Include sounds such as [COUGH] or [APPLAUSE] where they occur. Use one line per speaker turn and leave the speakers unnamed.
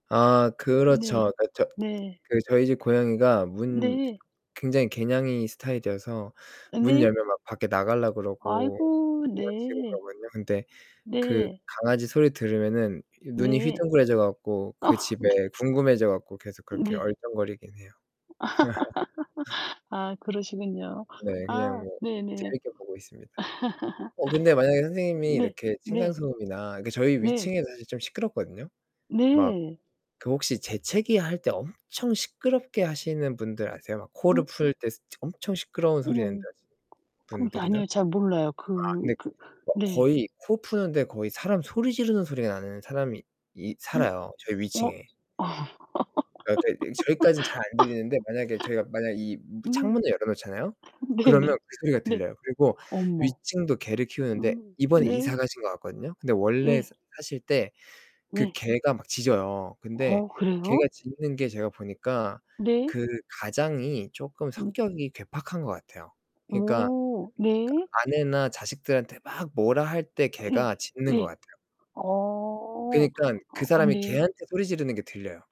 아.
네.
그렇죠. 그 저
네.
그 저희 집 고양이가 문
네.
굉장히 개냥이 스타일이어서
아
문
네.
열면 막 밖에 나가려고 그러고
아이고,
장난치고
네.
그러고 있는데 그
네.
강아지 소리 들으면은 이 눈이
네.
휘둥그레져 갖고
어
그
네.
집에 궁금해져 갖고 계속 그렇게
네.
얼쩡거리긴 해요. [LAUGHS]
[LAUGHS] 아, 그러시군요.
네, 그냥
아
뭐
네네.
재밌게 보고 있습니다. 어 근데 만약에
[LAUGHS]
선생님이
네,
이렇게 층간
네.
소음이나 그 저희
네.
위층에 사실 좀 시끄럽거든요. 막
네.
그 혹시 재채기할 때 엄청 시끄럽게 하시는 분들 아세요? 막 코를
음.
풀 때 스 엄청 시끄러운 소리 낸다
어.
하시는
그건
분들이나.
아니요.
아
잘 몰라요. 그
근데
그
막
네.
거의 코 푸는데 거의 사람 소리 지르는 소리가 나는 사람이 이
음
살아요, 저희
어. 어.
위층에. 아 네, 네 저희까진 잘 안 들리는데 만약에 저희가 만약에 이
[LAUGHS]
무
네.
창문을 열어 놓잖아요? 그러면
네네.
그 소리가
네.
들려요. 그리고
어머.
위층도 개를 키우는데
음.
이번에 이사
네.
가신 것 같거든요. 근데 원래
예.
사 사실 때 그
네.
개가 막 짖어요. 근데
어
개가
그래요?
짖는 게 제가 보니까
네.
그 가장이 쪼끔
음.
성격이 괴팍한 것 같아요. 그니까 그니까
어 네.
아내나 자식들한테 막 뭐라 할 때 개가
예.
짖는 것
예.
같아요.
어.
그러니깐 그
어.
사람이
네.
개한테 소리 지르는 게 들려요.